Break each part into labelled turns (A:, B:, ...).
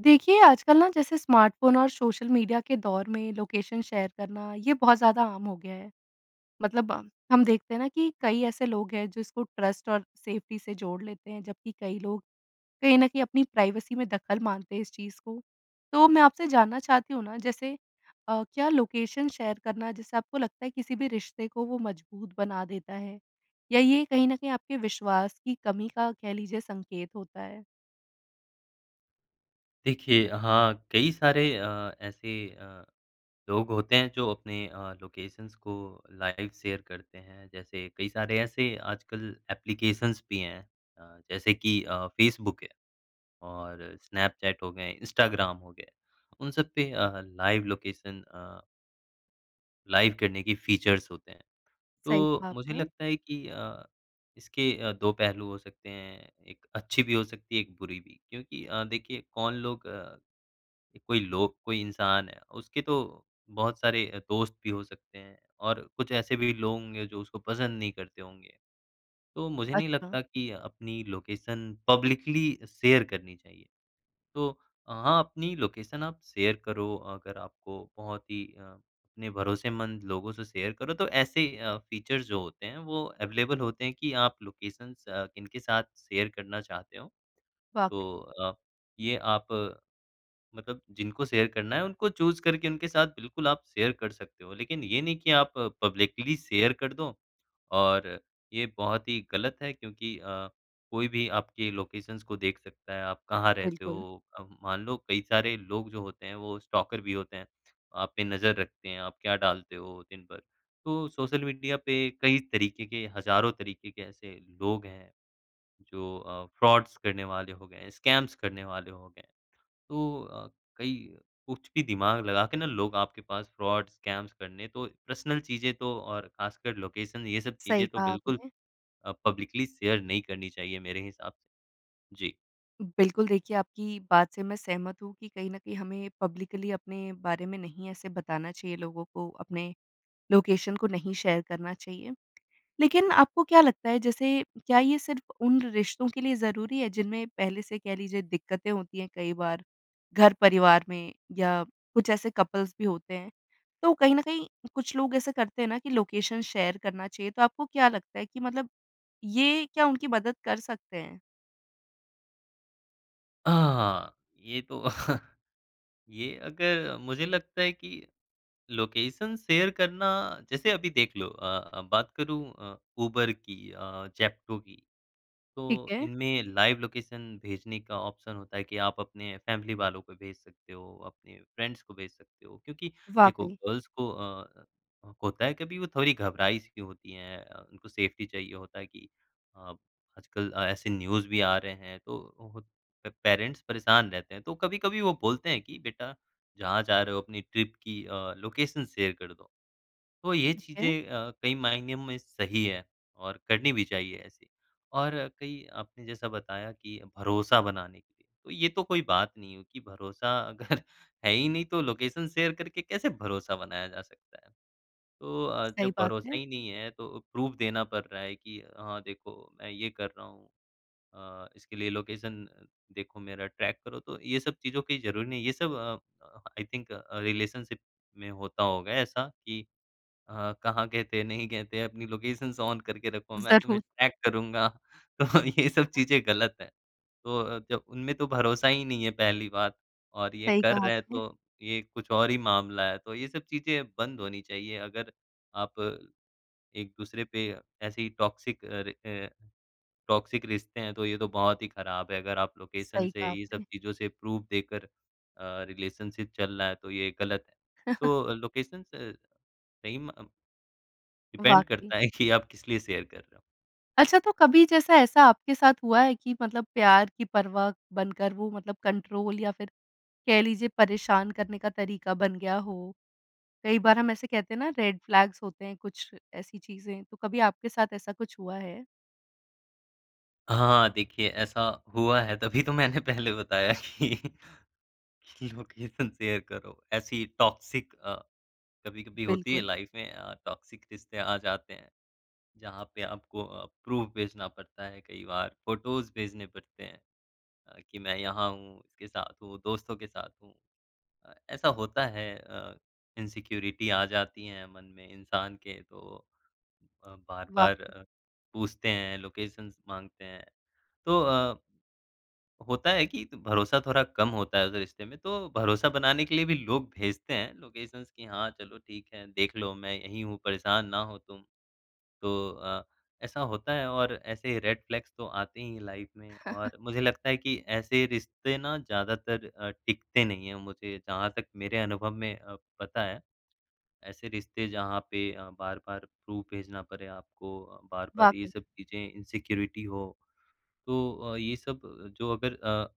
A: देखिए, आजकल ना जैसे स्मार्टफ़ोन और सोशल मीडिया के दौर में लोकेशन शेयर करना, ये बहुत ज़्यादा आम हो गया है। मतलब अ, हम देखते हैं ना कि कई ऐसे लोग हैं, जो इसको ट्रस्ट और सेफ्टी से जोड़ लेते हैं। जबकि कई लोग कहीं न कहीं अपनी प्राइवेसी में दखल मानते हैं, इस चीज़ को। तो मैं आपसे जानना चाहती हूँ ना जैसे अ, क्या लोकेशन शेयर करना, जिससे आपको लगता है किसी भी रिश्ते को वो मजबूत बना देता है? या ये कहीं न कहीं आपके विश्वास की कमी का कह लीजिए संकेत होता है?
B: देखिए हाँ, कई सारे अ, ऐसी अ, लोग होते हैं, जो अपने अ, लोकेशंस को लाइव शेयर करते हैं। जैसे कई सारे ऐसे आजकल एप्लीकेशंस भी हैं अ, जैसे कि अ, फेसबुक है। और स्नैपचैट हो गए, इंस्टाग्राम हो गए, उन सब पे अ, लाइव लोकेशन अ लाइव करने की फ़ीचर्स होते हैं।
A: सही
B: तो
A: कहा
B: मुझे
A: आपने।
B: लगता है कि अ, इसके अ, 2 पहलू हो सकते हैं। 1 अच्छी भी हो सकती है, 1 बुरी भी। क्योंकि अ, देखिए कौन लोग अ, कोई लोग, कोई इंसान है, उसके तो बहुत सारे दोस्त भी हो सकते हैं। और कुछ ऐसे भी लोग होंगे, जो उसको पसंद नहीं करते होंगे। तो मुझे नहीं
A: अच्छा।
B: लगता कि अपनी लोकेशन पब्लिकली शेयर करनी चाहिए। तो हाँ, अपनी लोकेशन आप शेयर करो अगर आपको बहुत ही अ, अपने भरोसेमंद लोगों से शेयर करो। तो ऐसे अ, फ़ीचर्स जो होते हैं वो अवेलेबल होते हैं, कि आप लोकेशंस अ, किनके साथ शेयर करना चाहते हो।
A: वाक़ई
B: तो अ, ये आप मतलब जिनको शेयर करना है, उनको चूज़ करके उनके साथ बिल्कुल आप शेयर कर सकते हो। लेकिन ये नहीं कि आप पब्लिकली शेयर कर दो। और ये बहुत ही ग़लत है क्योंकि अ, कोई भी आपके लोकेशंस को देख सकता है। आप कहाँ रहते
A: बिल्कुल।
B: हो अब मान लो कई सारे लोग जो होते हैं, वो स्टॉकर भी होते हैं। आप पे नज़र रखते हैं, आप क्या डालते हो दिन भर। तो सोशल मीडिया पे कई तरीके के हज़ारों तरीके के ऐसे लोग हैं। जो अ, फ़्रॉड्स करने वाले हो गए हैं, स्कैम्स करने वाले हो गए। तो अ, कई कुछ भी दिमाग लगा के ना लोग आपके पास फ़्रॉड्स, स्कैम्स करने तो पर्सनल चीज़ें तो और ख़ासकर लोकेशन ये सब
A: सही
B: चीज़ें, तो
A: कहा
B: बिल्कुल
A: आपने।
B: अ, पब्लिकली अ, शेयर नहीं करनी चाहिए मेरे हिसाब से। जी।
A: बिल्कुल, देखिए आपकी बात से मैं सहमत हूँ कि कहीं न कहीं हमें पब्लिकली अपने बारे में नहीं ऐसे बताना चाहिए लोगों को अपने लोकेशन को नहीं शेयर करना चाहिए। लेकिन आपको क्या लगता है जैसे क्या ये सिर्फ़ उन रिश्तों के लिए ज़रूरी है जिनमें पहले से कह लीजिए दिक्कतें होती हैं, कई बार घर परिवार में या कुछ ऐसे कपल्स भी होते हैं। तो कहीं न कहीं कुछ लोग ऐसे करते हैं ना कि लोकेशन शेयर करना चाहिए तो आपको क्या लगता है कि मतलब ये क्या उनकी मदद कर सकते हैं?
B: अ, हाँ ये तो ये अगर मुझे लगता है कि लोकेशन शेयर करना जैसे अभी देख लो अ, बात करूँ अ, ऊबर की अ, ज़ेप्टो की।
A: ठीक
B: तो
A: है।
B: इनमें लाइव लोकेशन भेजने का ऑप्शन होता है कि आप अपने फ़ैमिली वालों को भेज सकते हो, अपने फ्रेंड्स को भेज सकते हो, क्योंकि देखो
A: वाक़ई।
B: गर्ल्स को अ, होता है कभी वो थोड़ी घबराई की होती हैं अ, उनको सेफ़्टी चाहिए होता है कि अ, आजकल ऐसे न्यूज़ भी आ रहे हैं तो पेरेंट्स परेशान रहते हैं तो कभी-कभी वो बोलते हैं कि बेटा जहाँ जा रहे हो अपनी ट्रिप की अ, लोकेशन शेयर कर दो। तो ये
A: ठीक है।
B: चीज़ें अ, कई मायने में सही है और करनी भी चाहिए ऐसे। और कई आपने जैसा बताया कि भरोसा बनाने के लिए, तो ये तो कोई बात नहीं है कि भरोसा अगर है ही नहीं तो लोकेशन शेयर करके कैसे भरोसा बनाया जा सकता है। तो अ,
A: सही
B: जब
A: बात
B: भरोसा
A: है।
B: ही नहीं है तो प्रूफ़ देना पड़ रहा है कि हाँ, देखो मैं ये कर रहा हूँ अ, इसके लिए लोकेशन देखो मेरा ट्रैक करो तो ये सब चीज़ों की ज़रूरी नहीं है। ये सब अ अ, आई थिंक अ, रिलेशनशिप में होता होगा ऐसा कि अ, कहाँ गये थे, नहीं गए थे अपनी लोकेशंस ऑन करके रखो मैं तुम्हें
A: ज़रूर।
B: ट्रैक करूँगा तो ये सब चीज़ें गलत है। तो अ, जब उनमें तो भरोसा ही नहीं है पहली बात और ये
A: सही
B: कर
A: कहा
B: रहे हैं
A: आपने।
B: तो ये कुछ और ही मामला है तो ये सब चीज़ें बंद होनी चाहिए अगर आप एक-दूसरे पे ऐसे ही टॉक्सिक अ अ, टॉक्सिक रिश्ते हैं तो ये तो बहुत ही ख़राब है अगर आप लोकेशन
A: सही
B: से,
A: कहा
B: ये सब
A: आपने।
B: चीज़ों से प्रूफ़ देकर अ, रिलेशनशिप चल रहा है तो ये गलत है। तो लोकेशंस अ, सही में अ डिपेंड
A: वाक़ई।
B: करता है कि आप किस लिए शेयर कर रहे हो।
A: अच्छा, तो कभी जैसा, ऐसा आपके साथ हुआ है कि मतलब प्यार की परवाह बनकर वो मतलब कंट्रोल या फिर कह लीजिए परेशान करने का तरीका बन गया हो? कई बार हम ऐसे कहते हैं ना रेड फ्लैग्स होते हैं, कुछ ऐसी चीज़ें, तो कभी आपके साथ ऐसा कुछ हुआ है?
B: हाँ, देखिए ऐसा हुआ है तभी तो मैंने पहले बताया कि, लोकेशन शेयर करो ऐसी टॉक्सिक अ, कभी-कभी होती है
A: बिल्कुल।
B: लाइफ़ में अ, टॉक्सिक रिश्ते आ जाते हैं। जहाँ पे आपको प्रूफ़ भेजना पड़ता है कई बार, फ़ोटोज़ भेजने पड़ते हैं कि अ, मैं यहाँ हूँ, इसके साथ हूँ, दोस्तों के साथ हूँ। अ, ऐसा होता है अ, इनसिक्योरिटी आ जाती है मन में इंसान के तो अ, बार-बार
A: वाक़ई।
B: अ, पूछते हैं, लोकेशन्स माँगते हैं। तो अ, होता है कि भरोसा थोड़ा कम होता है उस रिश्ते में। तो भरोसा बनाने के लिए भी लोग भेजते हैं लोकेशन्स कि हाँ, चलो ठीक है देख लो मैं यहीं हूँ, परेशान ना हो तुम। तो अ, ऐसा होता है और ऐसे रेड फ़्लैग्स तो आते ही हैं लाइफ़ में। और मुझे लगता है कि ऐसे रिश्ते ना ज़्यादातर अ, टिकते नहीं है मुझे जहाँ तक मेरे अनुभव में अ, पता है। ऐसे रिश्ते जहाँ पे अ, बार-बार प्रूफ़ भेजना पड़ें आपको, बार-बार ये
A: वाक़ई।
B: सब चीज़ें इनसिक्योरिटी हो, तो अ, ये सब जो अगर अ,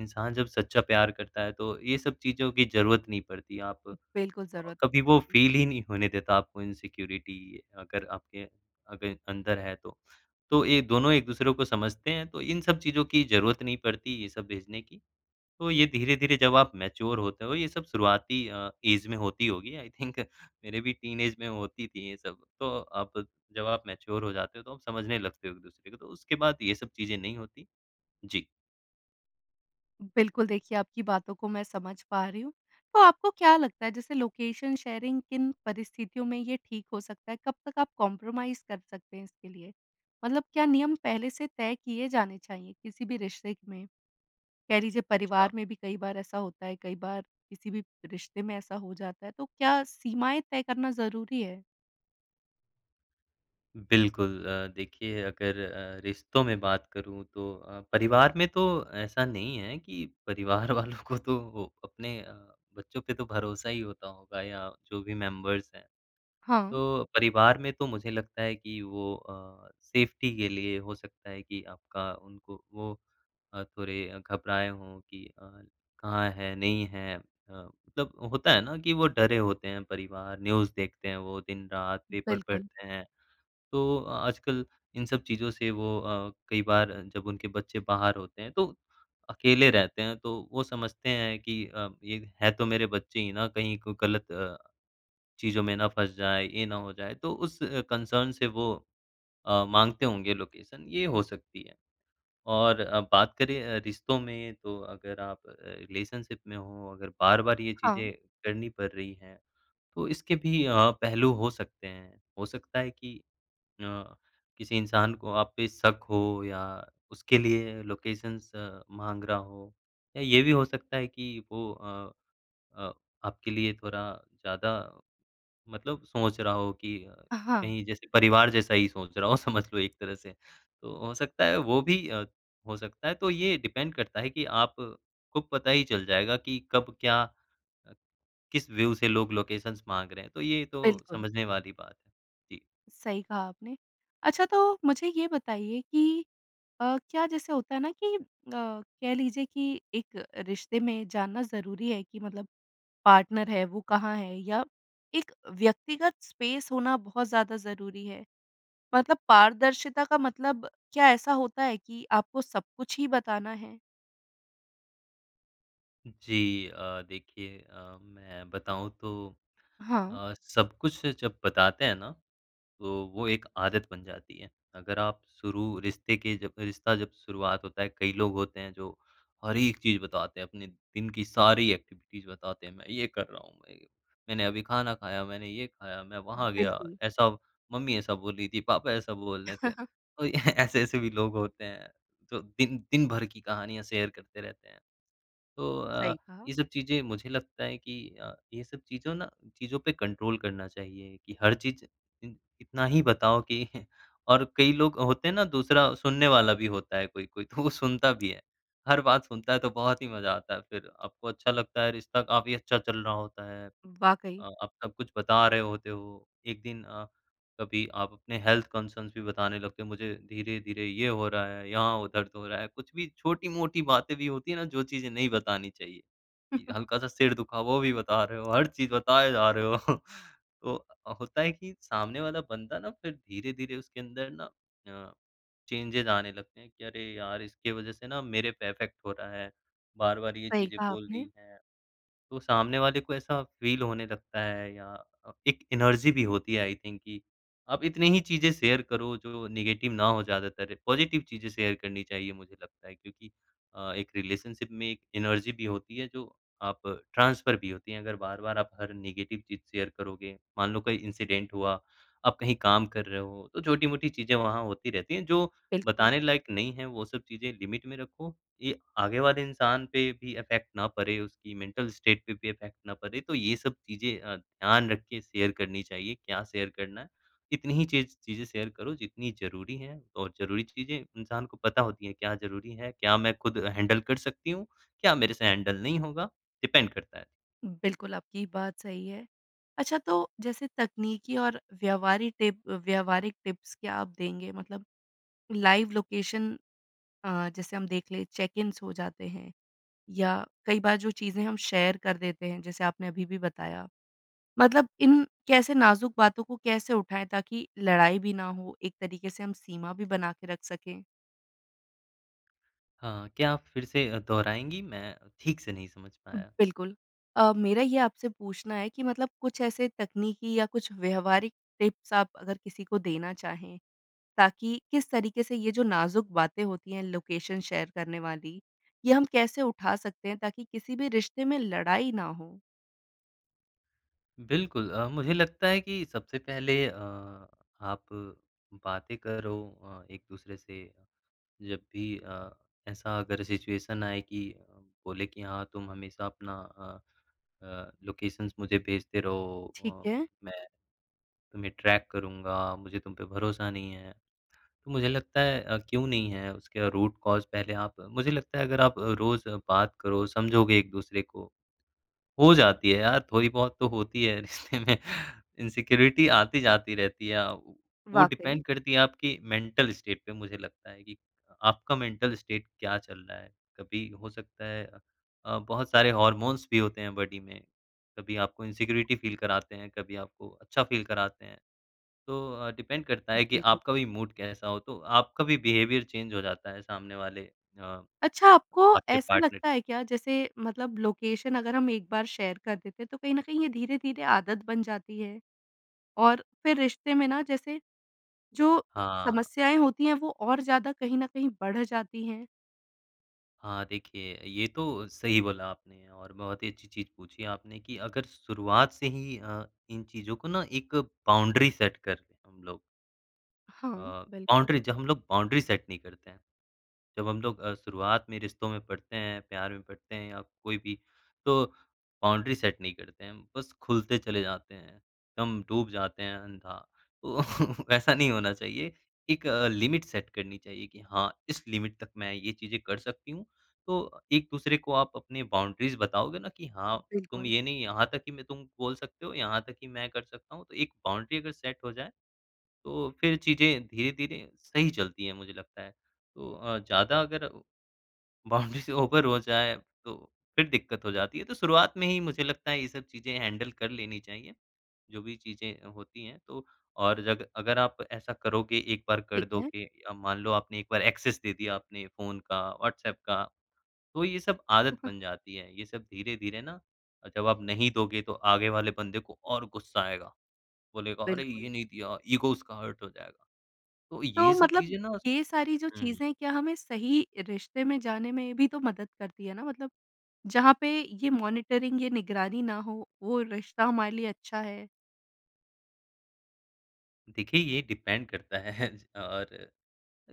B: इंसान जब सच्चा प्यार करता है, तो ये सब चीज़ों की ज़रूरत नहीं पड़ती आप अ,
A: बिल्कुल। ज़रूरत नहीं
B: कभी वो
A: पड़ती।
B: फ़ील ही नहीं होने देता आपको इनसिक्योरिटी अगर आपके अगर अंदर है तो। तो ये दोनों एक-दूसरे को समझते हैं, तो इन सब चीज़ों की ज़रूरत नहीं पड़ती, ये सब भेजने की। तो ये धीरे-धीरे जब आप मैच्योर होते हो, ये सब शुरुआती अ, एज में होती होगी आई थिंक मेरे भी टीनएज में होती थी ये सब। तो अब जब आप मैच्योर हो जाते हो, तो आप समझने लगते हो एक-दूसरे को, तो उसके बाद ये सब चीज़ें नहीं होतीं। जी।
A: बिल्कुल, देखिए आपकी बातों को मैं समझ पा रही हूँ। तो आपको क्या लगता है जैसे लोकेशन शेयरिंग किन परिस्थितियों में ये ठीक हो सकता है? कब तक आप कॉम्प्रोमाइज कर सकते हैं इसके लिए? मतलब क्या नियम पहले से तय किए जाने चाहिए किसी भी रिश्ते क में? कह लीजिए परिवार
B: छा
A: में भी कई बार ऐसा होता है, कई बार किसी भी रिश्ते में ऐसा हो जाता है, तो क्या सीमाएँ तय करना ज़रूरी है?
B: बिल्कुल अ, देखिए अगर अ, रिश्तों में बात करूँ तो अ, परिवार में तो ऐसा नहीं है कि परिवार वालों को तो अपने अ, बच्चों पे तो भरोसा ही होता होगा या जो भी मेंबर्स हैं।
A: हाँ।
B: तो परिवार में तो मुझे लगता है कि वो अ, सेफ्टी के लिए हो सकता है कि आपका उनको वो अ, थोड़े घबराएँ हों कि अ, कहाँ है, नहीं है अ, मतलब होता है ना कि वो डरे होते हैं परिवार न्यूज़ देखते हैं वो दिन-रात पेपर
A: बिल्कुल।
B: पढ़ते हैं। तो आजकल इन सब चीज़ों से वो अ, कई बार जब उनके बच्चे बाहर होते हैं तो अकेले रहते हैं तो वो समझते हैं कि अ, ये है तो मेरे बच्चे ही ना कहीं को गलत अ, चीज़ों में ना फँस जाए, ये ना हो जाए तो उस कंसर्न से वो अ, माँगते होंगे लोकेशन ये हो सकती है। और अ, बात करें अ, रिश्तों में तो अगर आप अ, रिलेशनशिप में हो अगर बार-बार ये
A: हाँ।
B: चीज़ें करनी पड़ रही हैं, तो इसके भी अ, पहलू हो सकते हैं। हो सकता है कि अ, किसी इंसान को आप पे शक हो या उसके लिए लोकेशंस माँग रहा हो या ये भी हो सकता है कि वो अ अ, आपके लिए थोड़ा ज़्यादा मतलब सोच रहा हो कि अ,
A: हाँ।
B: कहीं जैसे परिवार जैसा ही सोच रहा हो समझ लो एक तरह से। तो हो सकता है वो भी अ, हो सकता है, तो ये डिपेंड करता है कि आप को पता ही चल जाएगा कि कब क्या किस व्यू से लोग लोकेशंस माँग रहे हैं। तो ये तो
A: बिल्कुल।
B: समझने वाली बात है। जी।
A: सही कहा आपने। अच्छा तो मुझे ये बताइए कि अ, क्या जैसे होता है ना कि अ, कह लीजिए कि एक रिश्ते में जानना ज़रूरी है कि मतलब पार्टनर है वो कहाँ है या एक व्यक्तिगत स्पेस होना बहुत ज़्यादा ज़रूरी है? मतलब पारदर्शिता का मतलब क्या ऐसा होता है कि आपको सब कुछ ही बताना है?
B: जी अ, देखिए अ, मैं बताऊँ तो
A: हाँ।
B: अ, सब कुछ जब बताते हैं ना तो वो एक आदत बन जाती है। अगर आप शुरू रिश्ते के जब रिश्ता जब शुरुआत होता है कई लोग होते हैं जो हर एक चीज़ बताते हैं, अपने दिन की सारी एक्टिविटीज़ बताते हैं। मैं ये कर रहा हूँ, मैं ये मैंने अभी खाना खाया, मैंने ये खाया, मैं वहाँ गया,
A: बिल्कुल।
B: ऐसा मम्मी ऐसा बोल रही थी, पापा ऐसा बोल रहे थे। और ऐसे-ऐसे भी लोग होते हैं। तो दिन दिन भर की कहानियाँ शेयर करते रहते हैं। तो अ,
A: सही कहा।
B: ये सब चीज़ें मुझे लगता है कि अ, ये सब चीज़ों ना चीज़ों पे कंट्रोल करना चाहिए। कि हर चीज़ इ इतना ही बताओ कि और कई लोग होते हैं ना दूसरा सुनने वाला भी होता है कोई-कोई तो वो सुनता भी है। हर बात सुनता है तो बहुत ही मज़ा आता है फिर। आपको अच्छा लगता है रिश्ता काफ़ी अच्छा चल रहा होता है।
A: वाक़ई।
B: अ, आप सब कुछ बता रहे होते हो। एक दिन अ, कभी आप अपने हेल्थ कंसर्न्स भी बताने लगते हैं। मुझे धीरे-धीरे ये हो रहा है, यहाँ हो दर्द हो रहा है। कुछ भी छोटी-मोटी बातें भी होती है ना जो चीज़ें नहीं बतानी चाहिए। य हल्का-सा सिर दुखा वो भी बता रहे हो हर चीज़ बताए जा रहे हो। तो होता है कि सामने वाला बंदा ना फिर धीरे-धीरे उसके अंदर ना अ, चेंजेज़ आने लगते हैं कि अरे, यार! इसकी वजह से ना मेरे पे इफ़ेक्ट हो रहा है। बार-बार ये
A: सही
B: चीज़ें
A: कहा
B: बोल
A: आपने।
B: रही हैं। तो सामने वाले को ऐसा फ़ील होने लगता है या एक एनर्जी भी होती है आई थिंक कि आप इतनी ही चीज़ें शेयर करो जो नेगेटिव ना हो ज़्यादातर। पॉजिटिव चीज़ें शेयर करनी चाहिए मुझे लगता है। क्योंकि अ, एक रिलेशनशिप में एक एनर्जी भी होती है जो आप ट्रांसफ़र भी होती हैं। अगर बार-बार आप हर नेगेटिव चीज़ शेयर करोगे, मान लो कोई इंसिडेंट हुआ, आप कहीं काम कर रहे हो, तो छोटी-मोटी चीज़ें वहाँ होती रहती हैं जो
A: बिल्कुल।
B: बताने लायक नहीं हैं, वो सब चीज़ें लिमिट में रखो। ये आगे वाले इंसान पे भी इफ़ेक्ट ना पड़े, उसकी मेंटल स्टेट पे भी इफ़ेक्ट ना पड़े, तो ये सब चीज़ें अ, ध्यान रख के शेयर करनी चाहिए, क्या शेयर करना है, इतनी ही चीज़ चीज़ें शेयर करो जितनी ज़रूरी हैं और ज़रूरी चीज़ें इंसान को पता होती हैं क्या ज़रूरी है? क्या मैं खुद हैंडल कर सकती हूँ? क्या मेरे से हैंडल नहीं होगा, डिपेंड करता है।
A: बिल्कुल, आपकी बात सही है। अच्छा, तो जैसे तकनीकी और व्यावहारी टिप व्यावहारिक टिप्स क्या आप देंगे? मतलब लाइव लोकेशन अ, जैसे हम देख लें, चेक-इन्स हो जाते हैं या कई बार जो चीज़ें हम शेयर कर देते हैं, जैसे आपने अभी भी बताया, मतलब इन कैसे नाज़ुक बातों को कैसे उठाएँ? ताकि लड़ाई भी ना हो, एक तरीके से हम सीमा भी बना के रख सकें।
B: हाँ, क्या आप फ़िर से अ, दोहराएँगी? मैं ठीक से नहीं समझ पाया।
A: बिल्कुल। अ, मेरा ये आपसे पूछना है कि मतलब कुछ ऐसे तकनीकी या कुछ व्यावहारिक टिप्स आप अगर किसी को देना चाहें, ताकि किस तरीके से ये जो नाज़ुक बातें होती हैं, लोकेशन शेयर करने वाली, ये हम कैसे उठा सकते हैं, ताकि किसी भी रिश्ते में लड़ाई ना हो?
B: बिल्कुल। अ, मुझे लगता है कि सबसे पहले अ, आप बातें करो अ, एक-दूसरे से जब भी अ, ऐसा अगर सिचुएशन आए कि बोले कि हाँ, तुम हमेशा अपना अ अ, लोकेशन्स मुझे भेजते रहो
A: ठीक
B: अ,
A: है।
B: मैं तुम्हें ट्रैक करूँगा, मुझे तुम पे भरोसा नहीं है। तो मुझे लगता है अ, क्यों नहीं है उसका रूट कॉज़ पहले आप मुझे लगता है, अगर आप रोज़ बात करो, समझोगे एक-दूसरे को, हो जाती है यार, थोड़ी बहुत तो होती है रिश्ते में। इनसिक्योरिटी आती-जाती रहती है, वो
A: वाक़ई।
B: डिपेंड करती है आपकी मेंटल स्टेट पे मुझे लगता है कि आपका मेंटल स्टेट क्या चल रहा है? कभी हो सकता है अ, बहुत सारे हॉर्मोन्स भी होते हैं बॉडी में, कभी आपको इनसिक्योरिटी फ़ील कराते हैं, कभी आपको अच्छा फ़ील कराते हैं। तो अ, डिपेंड करता है, कि
A: बिल्कुल।
B: आपका भी मूड कैसा हो, तो आपका भी बिहेवियर चेंज हो जाता है सामने वाले अ,
A: अच्छा, आपको
B: आपके
A: ऐसा
B: पार्टनर
A: लगता है क्या? जैसे मतलब लोकेशन अगर हम एक बार शेयर कर देते हैं, तो कहीं न कहीं ये धीरे-धीरे आदत बन जाती है और फिर रिश्ते में ना जैसे, जो
B: हाँ।
A: समस्याएँ होती हैं, वो और ज़्यादा कहीं न कहीं बढ़ जाती हैं?
B: हाँ, देखिए ये तो सही बोला आपने और बहुत ही अच्छी चीज़ पूछी आपने कि अगर शुरुआत से ही अ, इन चीज़ों को ना एक बाउंड्री सेट कर हम लोग। अ,
A: हाँ, बिल्कुल।
B: बाउंड्री ज हम लोग बाउंड्री सेट नहीं करते हैं। जब हम लोग अ, शुरुआत में रिश्तों में पड़ते हैं, प्यार में पड़ते हैं या कोई भी तो बाउंड्री सेट नहीं करते हैं। बस खुलते चले जाते हैं, दम डूब जाते हैं अंधा तो ऐसा नहीं होना चाहिए एक लिमिट सेट करनी चाहिए कि हाँ, इस लिमिट तक मैं ये चीज़ें कर सकती हूँ। तो एक-दूसरे को आप अपनी बाउंड्रीज़ बताओगे ना कि हाँ, तुम
A: बिल्कुल।
B: ये नहीं यहाँ तक कि मैं तुम बोल सकते हो, यहाँ तक कि मैं कर सकता हूँ तो एक बाउंड्री अगर सेट हो जाए। तो फिर चीज़ें धीरे-धीरे सही चलती हैं मुझे लगता है। तो अ, ज़्यादा अगर बाउंड्री से ऊपर हो जाए तो फिर दिक्कत हो जाती है। तो शुरुआत में ही मुझे लगता है ये सब चीज़ें हैंडल कर लेनी चाहिए। जो भी चीज़ें होती हैं तो और जग अगर आप ऐसा करोगे एक बार कर
A: ठीक है।
B: दोगे अ, मान लो आपने एक बार एक्सेस दे दिया अपने फ़ोन का, व्हाट्सऐप का, तो ये सब आदत बन जाती है। ये सब धीरे-धीरे ना जब आप नहीं दोगे तो आगे वाले बन्दे को और गुस्सा आएगा। बोलेगा अरे,
A: बिल्कुल।
B: ये नहीं दिया ईगो उसका हर्ट हो जाएगा। तो
A: तो
B: ये सब
A: मतलब
B: चीज़ें ना
A: ये सारी जो
B: हुँ।
A: चीज़ें क्या हमें सही रिश्ते में जाने में भी तो मदद करती है ना मतलब जहाँ पे ये मॉनिटरिंग, ये निगरानी ना हो वो रिश्ता हमारे लिए अच्छा है।
B: देखिए ये डिपेंड करता है और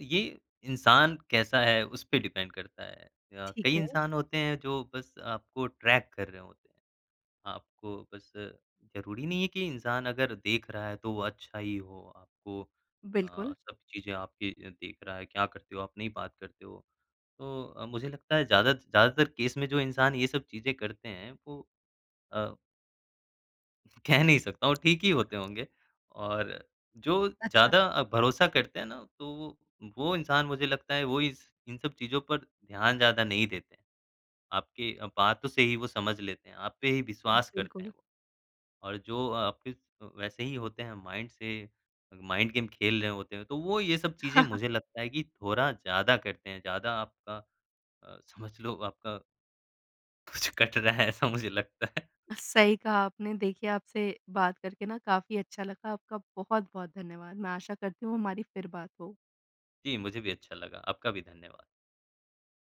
B: ये इंसान कैसा है उसपे डिपेंड करता है। अ,
A: ठीक
B: कई
A: है।
B: इंसान होते हैं जो बस आपको ट्रैक कर रहे होते। आपको बस ज़रूरी नहीं है कि इंसान अगर देख रहा है तो वो अच्छा ही हो, आपको अ,
A: बिल्कुल।
B: सब चीज़ें आपकी देख रहा है, क्या करते हो, आप नहीं बात करते हो, तो मुझे लगता है ज़्यादा ज़्यादातर केस में जो इंसान ये सब चीज़ें करते हैं वो अ कह नहीं सकता हूँ, ठीक ही होते होंगे और जो
A: अच्छा।
B: ज़्यादा अ, भरोसा करते हैं ना, तो वो, वो इंसान मुझे लगता है वो इस इन सब चीज़ों पर ध्यान ज़्यादा नहीं देते हैं, आपके बातों से ही वो समझ लेते हैं, आप पे ही विश्वास करते हैं
A: बिल्कुल।
B: वो। और जो आप इस वैसे ही होते हैं माइंड से माइंड गेम खेल रहे होते हैं तो वो ये सब चीज़ें मुझे लगता है कि थोड़ा ज़्यादा करते हैं। ज़्यादा आपका अ, समझ लो आपका कुछ कट रहा है ऐसा मुझे लगता है।
A: सही कहा आपने देखिए, आपसे बात करके ना काफ़ी अच्छा लगा। आपका बहुत-बहुत धन्यवाद। मैं आशा करती हूँ हमारी फिर बात हो।
B: जी, मुझे भी अच्छा लगा। आपका भी धन्यवाद।